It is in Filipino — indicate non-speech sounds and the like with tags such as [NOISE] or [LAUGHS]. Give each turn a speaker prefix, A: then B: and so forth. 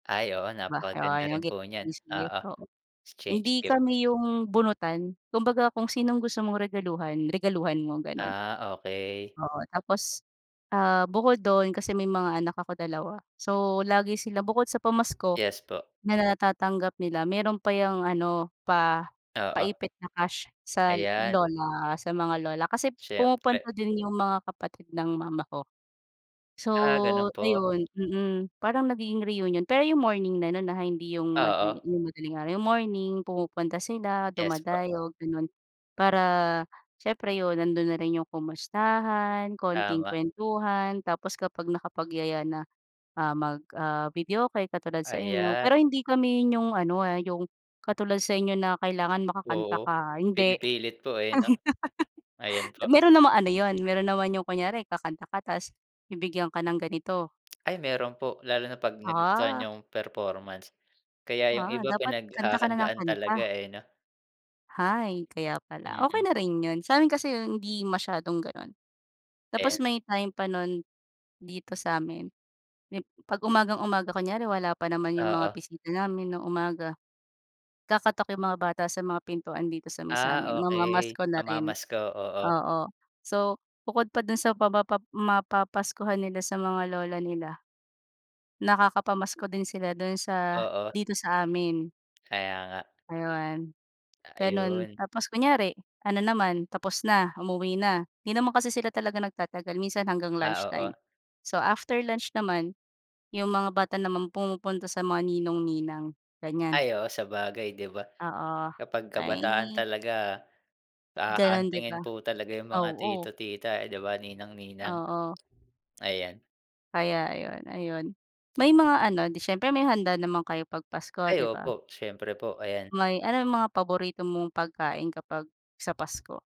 A: Ay, oo,
B: 'Di ba,
A: napakaganda
B: I want
A: rin
B: to give
A: po niyan,
B: this gift,
A: oo,
B: oo.
A: exchange
B: Hindi
A: gift.
B: kami yung bunutan kumbaga kung sinong gusto mong regaluhan, regaluhan mo, gano'n.
A: Ah, okey.
B: Oo, tapos, ah, bukod dun kasi may mga anak ako dalawa, so lagi sila bukod sa pamasko
A: Yes po.
B: na natatanggap nila, meron pa yung ano pa,
A: Oo.
B: pa-ipit na cash sa
A: Ayan.
B: lola, sa mga lola kasi
A: Siyempre.
B: pumupunta din yung mga kapatid ng mama ko. So
A: Ah, ganun po.
B: ayun, mm, parang nagiging reunion pero yung morning na no'n, ha, hindi yung
A: Oo.
B: madali yung madaling araw, yung morning pumupunta sila,
A: Yes, po.
B: dumadayo gano'n. Para siyempre 'yon nandun na rin 'yong kumustahan, konting
A: Tama.
B: kuwentuhan tapos kapag nakapagyaya na, ah, mag ah, videoke katulad sa inyo,
A: Ayan.
B: pero hindi kami yung ano, ah, yung katulad sa inyo na kailangan makakanta
A: Oo,
B: ka, ah, hindi.
A: pinipilit po, eh, 'no. Ayan
B: [LAUGHS]
A: po.
B: Meron namang ano yun, meron naman yung kunyari kakanta ka tas bibigyan ka ng ganito.
A: Ay meron po, lalo na 'pag nagustuhan
B: Ah.
A: yung performance. Kaya yung
B: Ah,
A: iba
B: dapat kanta ka ng
A: pinaghahandaan talaga,
B: kanta.
A: eh, 'no.
B: Hay, kaya pala, okey
A: Mm.
B: na rin yun, sa'min kasi yun hindi masyadong gano'n. Tapos
A: Eh.
B: may time pa nun dito sa'min, yung 'pag umagang-umaga kunyari wala pa naman yung mga
A: Oo.
B: bisita namin ng umaga, kakatok yung mga bata sa mga pintuan dito sa may sa amin
A: Ah, okey,
B: mamamasko na rin,
A: mamamasko, oo.
B: oo. So bukod pa dun sa mapapa mapapaskuhan nila sa mga lola nila nakakapamasko din sila dun sa,
A: Oo.
B: dito sa amin.
A: Kaya nga.
B: Ayun, ganun
A: Ayun.
B: tapos kunyari ano naman, tapos na umuwi na, 'di naman kasi sila talaga nagtatagal minsan hanggang lunch
A: Ah,
B: time.
A: oo.
B: So, after lunch naman, 'yong mga bata naman pumupunta sa mga ninong, ninang ganiyan.
A: Ay, oo, sabagay, 'di ba?
B: Oo,
A: Kapag kabataan
B: ay.
A: talaga, ah,
B: Gano'n 'di
A: huhuntingin
B: ba,
A: po talaga yung mga
B: oo.
A: tito, tita, eh, 'di ba, ninang, ninang,
B: Oo.
A: ayan.
B: Kaya ayun, ayun. May mga ano, 'di siyempre may handa naman kayo pag Pasko
A: Ay
B: 'di ba?
A: opo, siyempre po, ayan.
B: May ano 'yung mga paborito mong pagkain kapag sa Pasko?